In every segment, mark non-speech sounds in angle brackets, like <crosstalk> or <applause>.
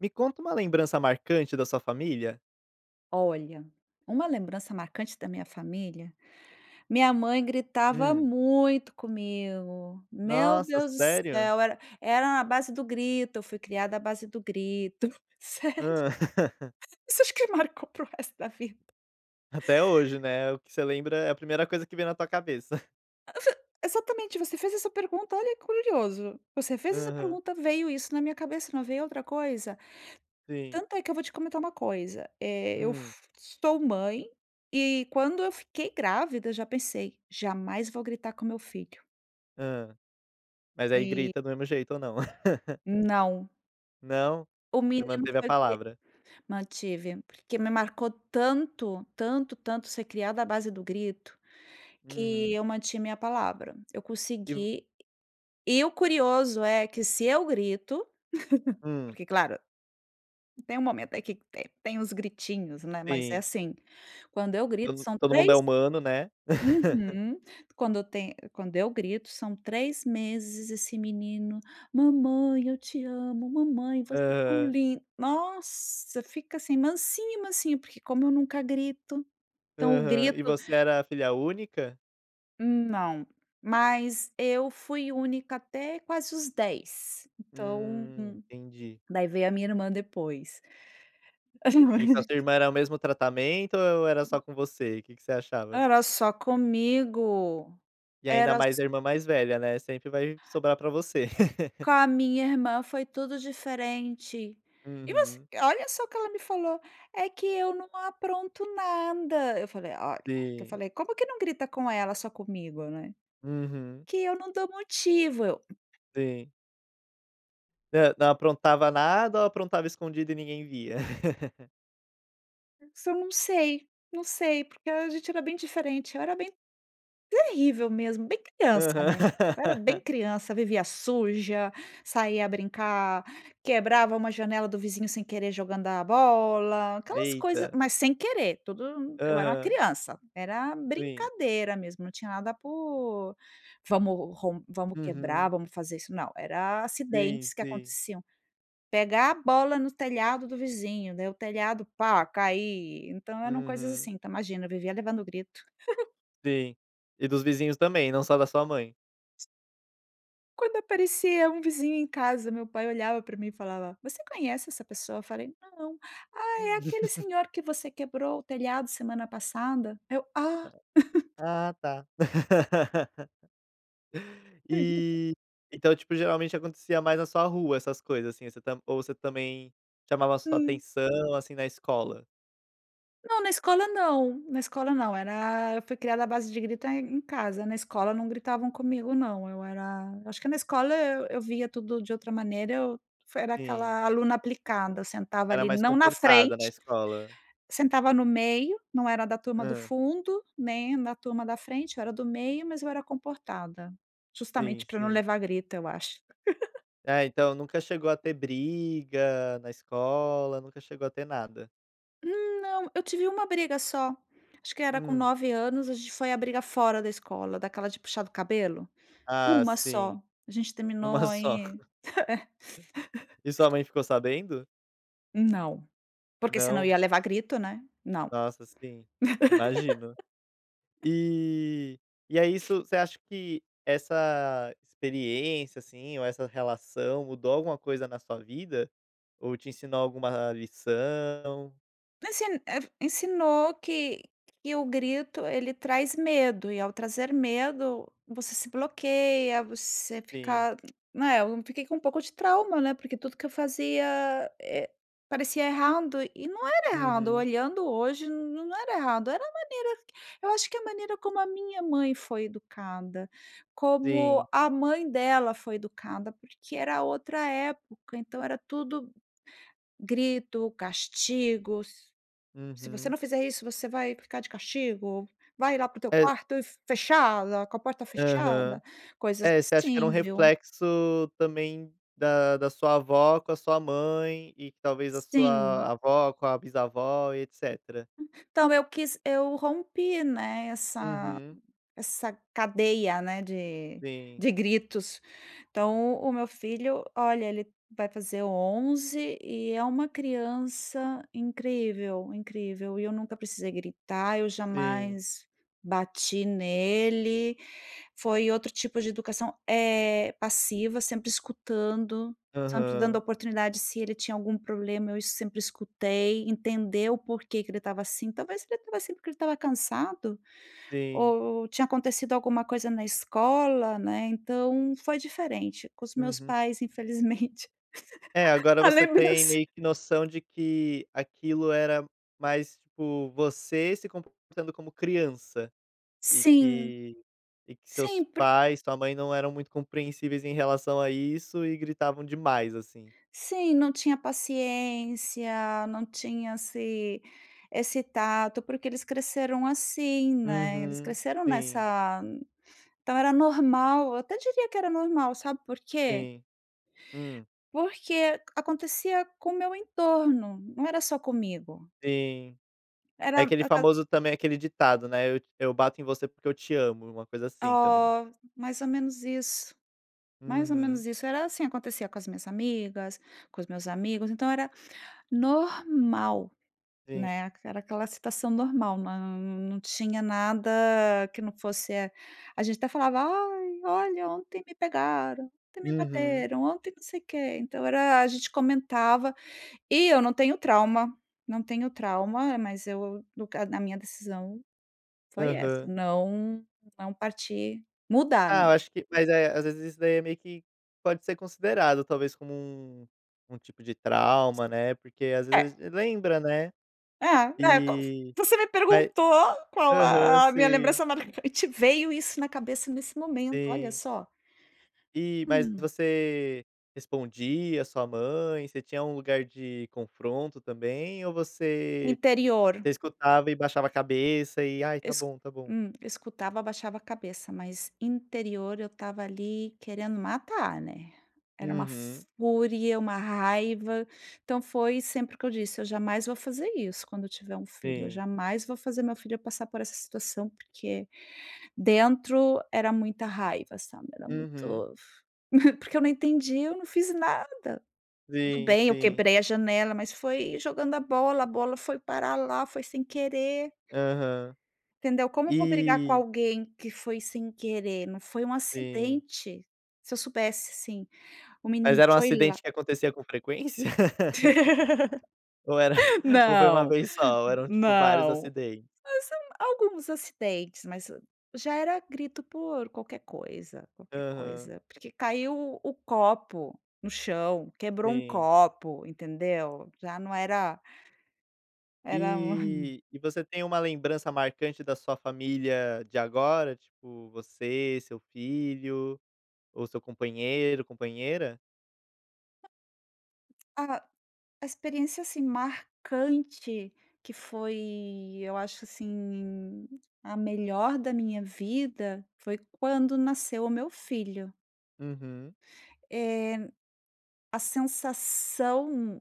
Me conta uma lembrança marcante da sua família. Olha, uma lembrança marcante da minha família: Minha mãe gritava Hum. muito comigo. Meu Nossa, Deus do sério? céu, era era na base do grito. Eu fui criada à base do grito. Sério. Hã. <laughs> Isso eu acho que me marcou para o resto da vida. Até hoje, né, o que você lembra, é a primeira coisa que vem na tua cabeça. <chuckles> <unintelligible> Exatamente. Você fez essa pergunta, olha que curioso. Você fez essa Aham. pergunta, veio isso na minha cabeça, não veio outra coisa. Sim. Tanto é que eu vou te comentar uma coisa, eh, eu Hum. fu sou mãe e quando eu fiquei grávida, já pensei: "Jamais vou gritar com o meu filho". Hã. Mas aí E grita do mesmo jeito ou não? <laughs> Não! Não? O Você menino manteve a foi cri palavra. mantive, porque me marcou tanto, tanto, tanto ser criada à base do grito, que Uhum. eu mantive minha palavra. Eu E vo consegui. E o curioso é que, se eu grito <laughs> Hum. porque claro, tem um momento aí que, eh, tem os gritinhos, né, mas é Sim. assim: quando eu grito, To são todo mundo é três humano, né. <laughs> Uhum. Quando o tem quando eu grito, são 3 meses esse menino: "Mamãe, eu te amo, mamãe, você é tão Aham. lin". Nossa! Fica assim, "mansinho, mansinho", porque como eu nunca grito, então o Aham. grito E você era filha única? Não! Mas eu fui única até quase os 10, então Hum, entendi. daí veio a minha irmã depois. E com a sua <unintelligible> irmã era o mesmo tratamento ou e era só com você? O que que você achava? Era só comigo, E ainda era mais só a irmã mais velha, né. Sempre vai sobrar pra você. <laughs> Com a minha irmã foi tudo diferente. E você Uhum. olha só o que ela me falou: "É que eu não apronto nada". eu falei: "Olha", eu Sim. falei: "Como que não grita com ela só comigo?", né. Uhum. "Que eu não dou motivo", eu Sim. Hã. Não aprontava nada ou aprontava escondido e ninguém via? <laughs> Isso eu não sei. Não sei, porque a gente era bem diferente. Eu era bem terrível mesmo, bem criança, né. Eu era bem Aham. <laughs> criança, vivia suja, saía a brincar, quebrava uma janela do vizinho sem querer jogando a bola, aquelas coisas Eita. mas, sem querer, tudo eu era uma Aham. criança, era Sim. brincadeira mesmo, não tinha nada por "vamos rom vamos quebrar, Uhum. vamos fazer isso". Não! Era a Sim, acidentes que sim. aconteciam. Pegar a bola no telhado do vizinho, daí o telhado "pá, cair". Então eram coisas assim, Uhum. então, imagina, eu vivia levando grito. <giggles> Sim, e dos vizinhos também, não só da sua mãe. Quando aparecia um vizinho em casa, meu pai olhava para mim e falava: "Você conhece essa pessoa?". Eu falei: "Não. 'Ah, é Hum. aquele <laughs> senhor que você quebrou o telhado semana passada'". Eu, "Ah". <chuckles> Ah, tá. <laughs> <chuckles> E, então tipo geralmente acontecia mais na sua rua, essas coisas assim, você tam ou você também chamava a sua Hã. atenção assim na escola. Não, na escola não, na escola não, era eu fui criada a base de grito em casa, na escola, não gritavam comigo não, eu era eu acho que na escola eu eu via tudo de outra maneira, eu foi era Sim. aquela aluna aplicada, sentava Era ali, mais não na comportada na frente, escola. sentava no meio, não era da turma do Hã. fundo, né, na turma da frente eu era do meio, mas eu era comportada justamente, Sim, para não sim. levar grito, eu acho. <laughs> É, então nunca chegou a ter briga na escola, nunca chegou a ter nada? Não, eu tive 1 briga só. Acho que era com Hum. 9 anos. A gente foi a briga fora da escola, daquela de puxar o cabelo, Ah, 1 sim. só, a gente 1 terminou só. aí É. E sua <laughs> mãe ficou sabendo? Não, porque se não Não? ia levar grito, né, não. Nossa, sim, imagino. <laughs> E e é isso você acha que essa experiência, assim, ou essa relação mudou alguma coisa na sua vida, ou te ensinou alguma lição? Ensin eh, ensinou que que o grito ele traz medo, e ao trazer medo, você se bloqueia, você Sim. fica, né, eu fiquei com um pouco de trauma, né, porque tudo que eu fazia, eh, parecia errado e não era errado. Uhum. Olhando hoje, n não era errado, era a maneira eu acho que a maneira como a minha mãe foi educada, como Sim. a mãe dela foi educada, porque era outra época, então, era tudo grito, castigos. "Se você Uhum. não fizer isso, você vai ficar de castigo, vai lá para o teu É. quarto e fechada, com a porta Aham, fechada", coisas é, você acha que era um assim, viu. reflexo também, da da sua avó com a sua mãe, e talvez a Sim. sua avó com a bisavó e etcetera? Hum, então eu quis eu rompi, né, essa Uhum. essa cadeia, né, de Sim. de gritos. Então, o meu filho, olha, ele vai fazer 11 e é uma criança incrível, incrível, e eu nunca precisei gritar. Eu Sim. jamais bati nele, foi outro tipo de educação, eh, passiva, sempre escutando, sempre dando Aham. oportunidade. Se ele tinha algum problema, eu es sempre escutei, entender o por que que ele estava assim. Talvez ele estava assim porque ele estava cansado, Sim. ou tinha acontecido alguma coisa na escola, né. Então, foi diferente com os meus Uhum. pais infelizmente É, agora a você tem lembrança. meio que noção, de que aquilo era mais, tipo, você se comportando como criança, e Sim, que e que sim seus por pais, sua mãe não eram muito compreensíveis em relação a isso e gritavam demais, assim. Sim, não tinha paciência, não tinha esse esse tato, porque eles cresceram assim, né. Eles Uhum, cresceram sim. nessa então era normal. Eu até diria que era normal, sabe por quê? Sim, hum. Porque acontecia com o meu entorno, não era só comigo. Sim. É Era aquele aquele famoso também aquele ditado, né, "eu eu bato em você porque eu te amo", uma coisa, assim, também. Oh, mais ou menos isso, mais ou Uhum. menos isso. Era, assim, acontecia com as minhas amigas, com os meus amigos. Então, era normal, Sim. né, era aquela situação normal, nã nã não tinha nada que não fosse a gente até falava: "Ai, olha, ontem me pegaram, ontem me Uhum. bateram, ontem não sei o quê", então, era a gente comentava e eu não tenho trauma, não tenho trauma, mas eu nunca a minha decisão foi essa, Aham. não não partir mudar, Ah, né? eu acho que mas é, às vezes isso daí é meio que pode ser considerado, talvez, como um um tipo de trauma, né, porque às vezes É. lembra, né, É, é <unintelligible> e você me vai perguntou qual aham, a a minha sim. lembrança marcante, veio isso na cabeça nesse momento. Olha Sim. só. E mas Hum. você respondia a sua mãe? Você tinha um lugar de confronto também, ou você Interior. você escutava e baixava a cabeça, e "ai, tá Es bom, tá bom"? hum, escutava, abaixava a cabeça, mas interior eu estava ali querendo matar, né. Era uma Uhum. fúria, uma raiva, então foi sempre o que eu disse: "Eu jamais vou fazer isso, quando eu tiver um filho, eu Sim. jamais vou fazer meu filho passar por essa situação", porque dentro era muita raiva, sabe. Era Uhum. muito <chuckles> porque eu não entendia, "eu não fiz nada, tudo Sim, bem, eu sim. quebrei a janela, mas foi jogando a bola, a bola foi parar lá, foi sem querer". Aham. Entendeu? Como eu vou brigar com E alguém que foi sem querer? Não, foi um Sim. acidente. Se eu soubesse, assim, o menino Mas era um foi lá acidente que acontecia com frequência <laughs> ou era <laughs> <chuckles> ou foi uma Não, vez só, ou eram tipo vários não, acidentes? mas são alguns acidentes, mas já era grito por qualquer coisa, qualquer Aham. coisa, porque caiu o o copo no chão, quebrou um Sim. copo, entendeu? Já não era Era um <chuckles> E e você tem uma lembrança marcante da sua família de agora, tipo, você, seu filho ou seu companheiro, companheira? Ah, a experiência, assim, marcante que foi eu acho assim a melhor da minha vida, foi quando nasceu o meu filho. Uhum. Eh, a sensação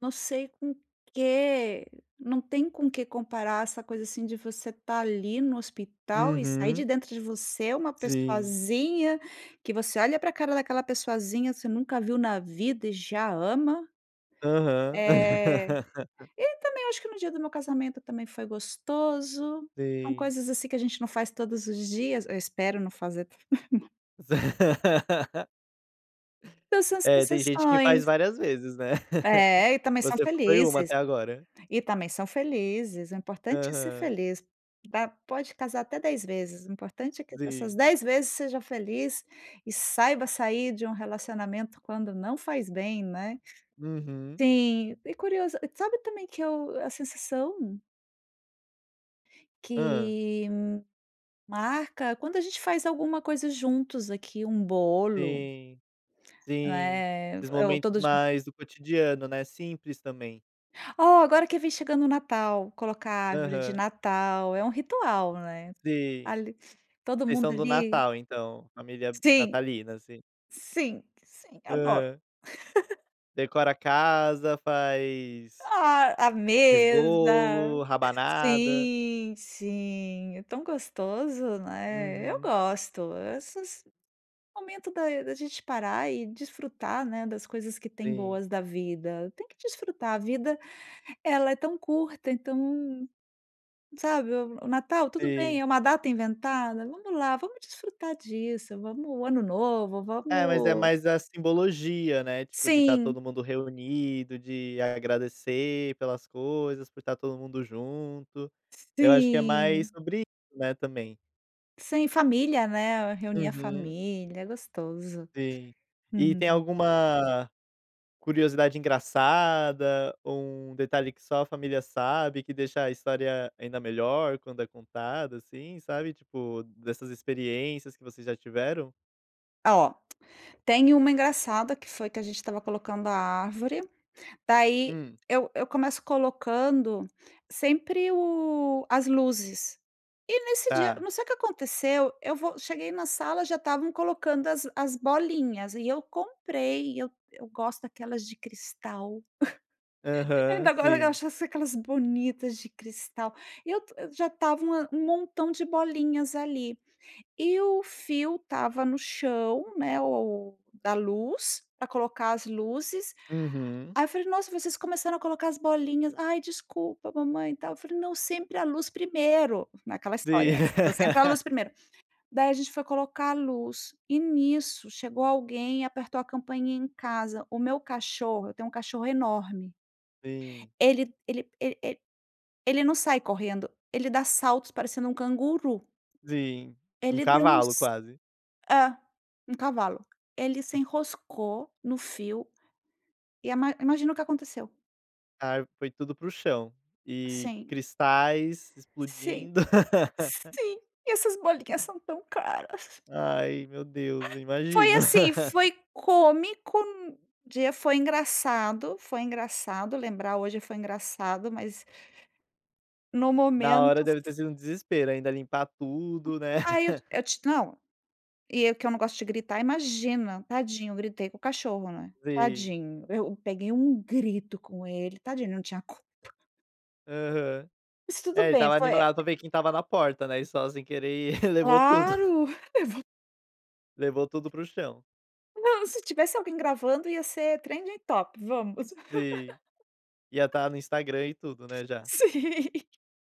não sei com que não tem com que comparar essa coisa, assim, de você estar ali no hospital e sair de Uhum. dentro de você uma Sim. pessoazinha que você olha para a cara daquela pessoazinha, você nunca viu na vida e já ama. Aham. Eh, <laughs> e também acho que no dia do meu casamento também foi gostoso. São Sim. coisas assim que a gente não faz todos os dias. Eu espero não fazer. <laughs> <laughs> Então são essas É, tem gente que faz sensações. várias vezes, né. <laughs> É, e também são Você foi 1 felizes. até agora. E também são felizes. O importante é ser Aham. feliz, tá, pode casar até 10 vezes. O importante é que essas Sim. 10 vezes seja feliz, e saiba sair de um relacionamento quando não faz bem, né. Uhum. Sim, e curioso, e sabe também que eu a sensação Hã. Que hum, marca quando a gente faz alguma coisa juntos aqui, um bolo. Sim, sim. Né, f Os ou momentos todos jun mais do cotidiano, né, simples também. Oh, agora que vem chegando o Natal, colocar a árvore de Aham. Natal é um ritual, né. Sim. Ali todo Vocês mundo são do ali Natal, então, família Sim! natalina, assim? Sim, sim, adoro. Aham. <laughs> Decora a casa, faz Ah, a faz mesa bolo, rabanada. sim, sim, é tão gostoso, né. Eu Uhum. gosto, esses momento da da gente parar e desfrutar, né, das coisas que tem Sim. boas da vida. Tem que desfrutar, a vida ela é tão curta, então, sabe, o o Natal tudo bem, Sim. é uma data inventada. Vamos lá, vamos desfrutar disso, vamos o Ano Novo, É, mas é vamos mais a simbologia, né, tipo, de tá Sim. todo mundo reunido de agradecer pelas coisas, por tá todo mundo junto. Eu acho que é mais Sim. sobre isso, né, também. Sem família, né, reunir a Uhum. família é gostoso, Sim. E tem uhum. alguma curiosidade engraçada, ou um detalhe que só a família sabe, que deixa a história ainda melhor quando é contada, assim, sabe, tipo, dessas experiências que vocês já tiveram? Ó, tem uma engraçada, que foi que a gente estava colocando a árvore. Daí Hum. eu eu começo colocando sempre o as luzes e nesse dia Tá. não sei o que aconteceu, eu vou cheguei na sala, já estavam colocando as as bolinhas e eu comprei e eu eu gosto daquelas de cristal. <chuckles> Aham, Ainda, agora, sim. achasse aquelas bonitas de cristal, eu t já estava uma um montão de bolinhas ali, e o fio estava no chão, né, o da luz, pra colocar as luzes. Uhum. Aí eu falei: "Nossa, vocês começaram a colocar as bolinhas". "Ai, desculpa, mamãe", e tal, eu falei: "Não, sempre a luz primeiro", naquela história, Sim. né, s sempre a luz <laughs> primeiro. Daí a gente foi colocar a luz, e nisso chegou alguém e apertou a campainha em casa, o meu cachorro eu tenho um cachorro enorme. Sim. Ele ele ele ele ele não sai correndo, ele dá saltos parecendo um canguru. Sim, um Ele deu cavalo uns quase. é, um cavalo. Ele se Hum. enroscou no fio. E ima imagina o que aconteceu? Ai, foi tudo para o chão, e Sim. cristais Sim. explodindo. <laughs> Sim, e essas bolinhas são tão caras. Ai, meu Deus, eu Ah. Foi imagino. assim, <laughs> foi cômico, de foi engraçado. Foi engraçado lembrar, hoje foi engraçado, mas no Na hora, momento, deve f ter sido um desespero, ainda limpar Hum, tudo, né. ai, eu <laughs> eu te não. E eu que eu não gosto de gritar, imagina, tadinho, gritei com o cachorro, né. Sim. Tadinho, eu peguei um grito com ele. Tadinho, ele não tinha culpa. Aham, Mas é, tudo ele bem, estava foi, eh animado pra ver quem estava na porta, né. E só sem querer e <laughs> levou tudo. Claro. <chuckles> Levou Levou tudo para o chão. Não, se tivesse alguém gravando, ia ser trending topic vamos. Sim, ia <laughs> estar no Instagram e tudo, né, já. Sim.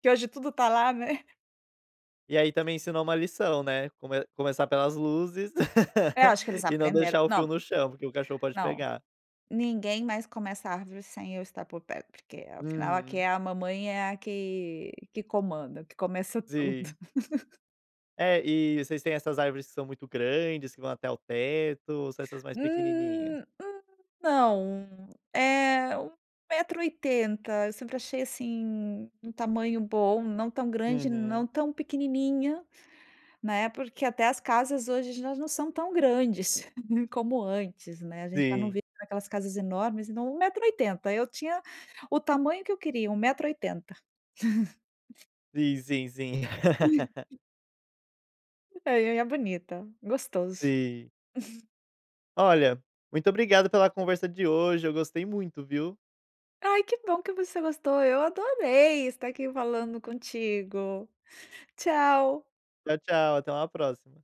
Que hoje tudo tá lá, né. E aí também ensinou uma lição, né? Come começar pelas luzes É, eu acho que <laughs> eles e não aprenderam. deixar o fio Não, no chão, porque o cachorro pode não, pegar. ninguém mais começa a árvore sem eu estar por perto, porque afinal, aqui é Uhum. a mamãe, é a que que comanda, que começa tudo. Sim. <laughs> É, e vocês têm essas árvores que são muito grandes, que vão até o teto, ou só essas mais pequenininhas? Hum hum, não. Eh, 1 metro e 80. Eu sempre achei, assim, um tamanho bom, não tão grande, não Uhum. tão pequenininha, né. Porque até as casas hoje elas não são tão grandes <chuckles> como antes, né. A gente já não Sim. vê aquelas casas enormes, então 1 metro e 80. Eu tinha o tamanho que eu queria, 1 metro e 80. <chuckles> Sim, sim, sim <laughs> <laughs> É, e, ah, é bonita. Gostoso. Sim. <laughs> Olha, muito obrigado pela conversa de hoje. Eu gostei muito, viu. Ai, que bom que você gostou. Eu adorei estar aqui falando contigo! Tchau. Tchau, tchau. Até uma próxima.